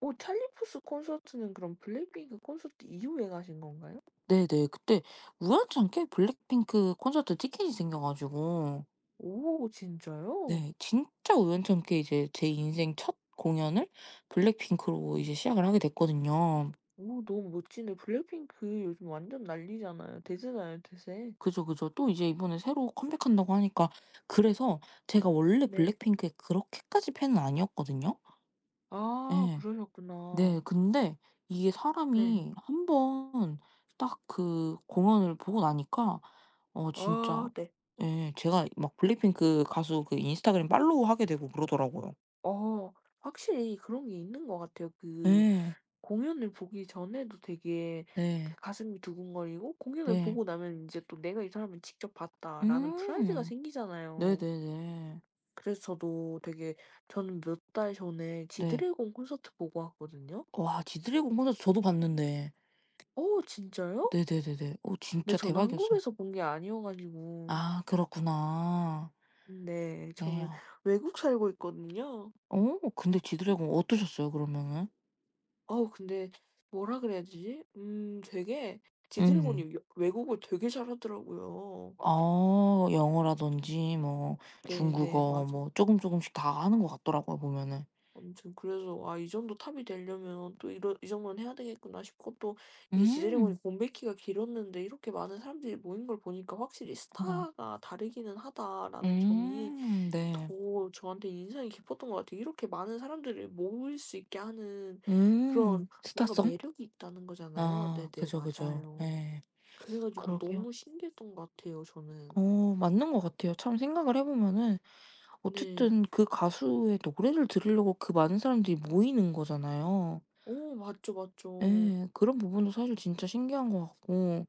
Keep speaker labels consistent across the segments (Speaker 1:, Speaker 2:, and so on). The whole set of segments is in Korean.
Speaker 1: 오 찰리푸스 콘서트는 그럼 블랙핑크 콘서트 이후에 가신 건가요?
Speaker 2: 네네. 그때 우연찮게 블랙핑크 콘서트 티켓이 생겨 가지고
Speaker 1: 오 진짜요?
Speaker 2: 네. 진짜 우연찮게 이제 제 인생 첫 공연을 블랙핑크로
Speaker 1: 네.
Speaker 2: 이제 시작을 하게 됐거든요.
Speaker 1: 어 너무 멋지네. 블랙핑크 요즘 완전 난리잖아요. 대세잖아요 대세.
Speaker 2: 그죠, 그죠. 또 이제 이번에 새로 컴백한다고 하니까 그래서 제가 원래
Speaker 1: 네.
Speaker 2: 블랙핑크에 그렇게까지 팬은 아니었거든요.
Speaker 1: 아
Speaker 2: 예. 네
Speaker 1: 그러셨구나.
Speaker 2: 근데 이게
Speaker 1: 네.
Speaker 2: 사람이 1 번 딱 그 공연을 보고 나니까 어 진짜
Speaker 1: 어 네.
Speaker 2: 예 제가 막 블랙핑크 가수 그 인스타그램 팔로우하게 되고 그러더라고요.
Speaker 1: 어 확실히 그런 게 있는 것 같아요. 그
Speaker 2: 예.
Speaker 1: 공연을 보기 전에도 되게 그
Speaker 2: 네.
Speaker 1: 가슴이 두근거리고 공연을
Speaker 2: 네.
Speaker 1: 보고 나면 인제 또 '내가 이 사람을 직접 봤다.'라는 프라이드가
Speaker 2: 음.
Speaker 1: 생기잖아요.
Speaker 2: 네네네.
Speaker 1: 그래서 저도 되게 저는 몇 달 전에
Speaker 2: 네.
Speaker 1: 지드래곤 콘서트 보고 왔거든요.
Speaker 2: 와 지드래곤 콘서트 저도 봤는데.
Speaker 1: 어 진짜요?
Speaker 2: 네네네네. 어
Speaker 1: 근데
Speaker 2: 진짜
Speaker 1: 저는
Speaker 2: 대박이었어요.
Speaker 1: 한국에서 본 게 아니어 가지고.
Speaker 2: 아 그렇구나.
Speaker 1: 네. 저는
Speaker 2: 네요.
Speaker 1: 외국 살고 있거든요.
Speaker 2: 어 근데 지드래곤 어떠셨어요 그러면은?
Speaker 1: 어 근데 뭐라 그래야 되지? 음 되게
Speaker 2: 음.
Speaker 1: 지드래곤이 여 외국어 되게 잘하더라고요.
Speaker 2: 어 영어라든지 뭐
Speaker 1: 네네
Speaker 2: 중국어
Speaker 1: 맞아.
Speaker 2: 뭐 쪼금 쪼금씩 다 하는 것 같더라고요 보면은.
Speaker 1: 아무튼 그래서 '아 이 정도 탑이 될려면 또 이런 이 정도는 해야 되겠구나.' 싶고 또 이제 지드래곤이
Speaker 2: 음.
Speaker 1: 공백기가 길었는데 이렇게 많은 사람들이 모인 걸 보니까 '확실히
Speaker 2: 어
Speaker 1: 스타가 다르기는 하다.'라는 점이
Speaker 2: 음 네.
Speaker 1: 더 저한테 인상이 깊었던 것 같아요. 이렇게 많은 사람들을 모일 수 있게 하는 그런
Speaker 2: 음
Speaker 1: 뭔가
Speaker 2: 스타성?
Speaker 1: 매력이 있다는 거잖아요.
Speaker 2: 아
Speaker 1: 네네
Speaker 2: 그죠, 그죠.
Speaker 1: 맞아요.
Speaker 2: 예.
Speaker 1: 그래 가지고
Speaker 2: 그러게요.
Speaker 1: 너무 신기했던 것 같아요, 저는.
Speaker 2: 어 맞는 것 같아요 참 생각을 해 보면은
Speaker 1: 네.
Speaker 2: 어쨌든 그 가수의 노래를 들으려고 그 많은 사람들이 모이는 거잖아요.
Speaker 1: 어 맞죠, 맞죠.
Speaker 2: 예. 그런 부분도 사실 진짜 신기한 것 같고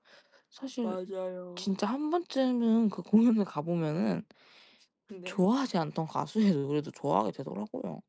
Speaker 2: 사실
Speaker 1: 맞아요.
Speaker 2: 진짜 1 번쯤은 그 공연에 가 보면은
Speaker 1: 네.
Speaker 2: 좋아하지 않던 가수의 노래도 좋아하게 되더라고요.